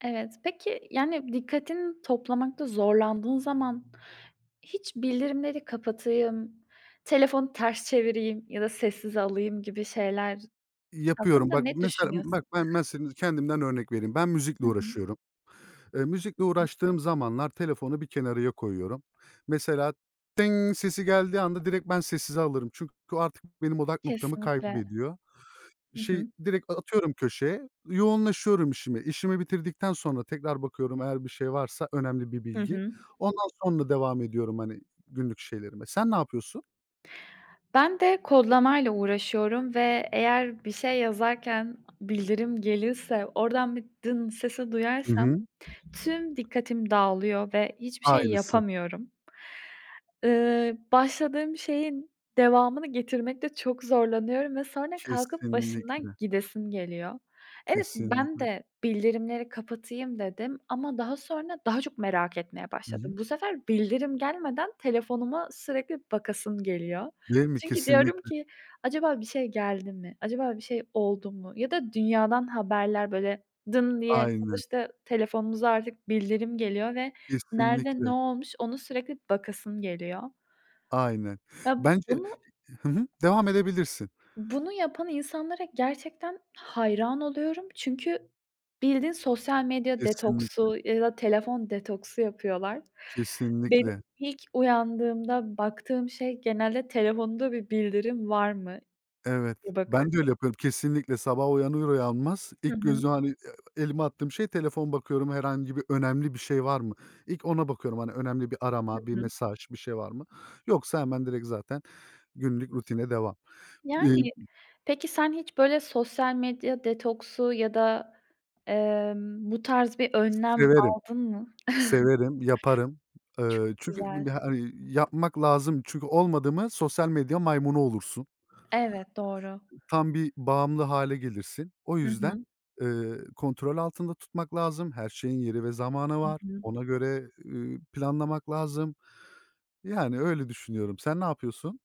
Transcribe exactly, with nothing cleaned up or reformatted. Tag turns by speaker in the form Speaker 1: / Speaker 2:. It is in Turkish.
Speaker 1: Evet, peki, yani dikkatini toplamakta zorlandığın zaman, hiç bildirimleri kapatayım, telefonu ters çevireyim ya da sessize alayım gibi şeyler
Speaker 2: Yapıyorum
Speaker 1: hakkında
Speaker 2: bak.
Speaker 1: ne
Speaker 2: Mesela b
Speaker 1: düşünüyorsun?
Speaker 2: bak, ben mesela kendimden örnek vereyim. Ben müzikle
Speaker 1: Hı hı.
Speaker 2: uğraşıyorum. Eee,
Speaker 1: Hı
Speaker 2: müzikle
Speaker 1: hı.
Speaker 2: uğraştığım zamanlar telefonu bir kenarıya koyuyorum. Mesela, "tıng" sesi geldiği anda direkt ben sessize alırım. Çünkü o artık benim odak noktamı
Speaker 1: Kesinlikle.
Speaker 2: kaybediyor.
Speaker 1: Hı
Speaker 2: Şey
Speaker 1: hı.
Speaker 2: direkt a atıyorum köşeye. Yoğunlaşıyorum işime. İşimi bitirdikten sonra tekrar bakıyorum eğer bir şey varsa önemli bir
Speaker 1: Hı
Speaker 2: bilgi.
Speaker 1: hı.
Speaker 2: Ondan sonra devam ediyorum, hani, günlük şeylerime. Sen ne yapıyorsun?
Speaker 1: Ben de kodlamayla uğraşıyorum ve eğer bir şey yazarken a bildirim gelirse oradan bir, "dın" sesi
Speaker 2: Hı
Speaker 1: duyarsam
Speaker 2: hı.
Speaker 1: tüm dikkatim dağılıyor ve hiçbir şey
Speaker 2: Aynısı.
Speaker 1: yapamıyorum. Iıı, başladığım şeyin devamını getirmekte çok zorlanıyorum ve sonra kalkıp başından
Speaker 2: Kesinlikle.
Speaker 1: gidesim geliyor. Evet, ben
Speaker 2: Kesinlikle.
Speaker 1: de bildirimleri kapatayım dedim. Ama daha sonra daha çok merak etmeye
Speaker 2: Hı hı.
Speaker 1: başladım. Bu sefer bildirim gelmeden telefonuma sürekli bakasım geliyor.
Speaker 2: Değil mi?
Speaker 1: Çünkü diyorum
Speaker 2: Kesinlikle.
Speaker 1: ki, "Acaba bir şey geldi mi? Acaba bir şey oldu mu?" Ya da dünyadan haberler böyle, "dın" diye
Speaker 2: Aynen.
Speaker 1: sonuçta telefonumuza artık bildirim geliyor ve nerede ne
Speaker 2: Kesinlikle.
Speaker 1: olmuş, onu sürekli bakasım geliyor.
Speaker 2: Aynen.
Speaker 1: Ya,
Speaker 2: Bence
Speaker 1: bunu
Speaker 2: Hı hı, devam edebilirsin.
Speaker 1: bunu yapan insanlara gerçekten hayran oluyorum. Çünkü bildiğin sosyal medya
Speaker 2: Kesinlikle.
Speaker 1: detoksu ya da telefon detoksu yapıyorlar. Benim
Speaker 2: Kesinlikle.
Speaker 1: ilk uyandığımda baktığım şey genelde, telefonda bir bildirim var mı
Speaker 2: Evet.
Speaker 1: [unintelligible]
Speaker 2: Ben
Speaker 1: bakıyorum.
Speaker 2: de öyle yapıyorum, kesinlikle. Sabah uyanır uyanmaz
Speaker 1: Hı
Speaker 2: ilk
Speaker 1: hı.
Speaker 2: gözüm hani, eee, elimi attığım şey telefon bakıyorum, herhangi bir önemli bir şey var mı? İlk ona bakıyorum. Hani, önemli bir
Speaker 1: Hı
Speaker 2: arama, bir
Speaker 1: hı.
Speaker 2: mesaj, bir şey var mı? Yoksa hemen direkt zaten günlük rutine devam. Eee
Speaker 1: Yani. Peki, sen hiç, böyle, sosyal medya detoksu ya da, emm, bu tarz bir
Speaker 2: S
Speaker 1: önlem
Speaker 2: severim.
Speaker 1: aldın mı?
Speaker 2: Severim, yaparım.
Speaker 1: Çok
Speaker 2: Iıı, çünkü
Speaker 1: güzel.
Speaker 2: ya, hani, yapmak lazım. Çünkü olmadı mı sosyal medya maymunu olursun.
Speaker 1: Evet, doğru.
Speaker 2: Tam bir bağımlı hâle gelirsin. O
Speaker 1: Hı
Speaker 2: yüzden,
Speaker 1: hı.
Speaker 2: ııı, kontrol altında tutmak lazım. Her şeyin yeri ve zamanı
Speaker 1: Hı
Speaker 2: var.
Speaker 1: hı.
Speaker 2: Ona göre, ııı, planlamak lazım. Yani öyle düşünüyorum. Sen ne yapıyorsun?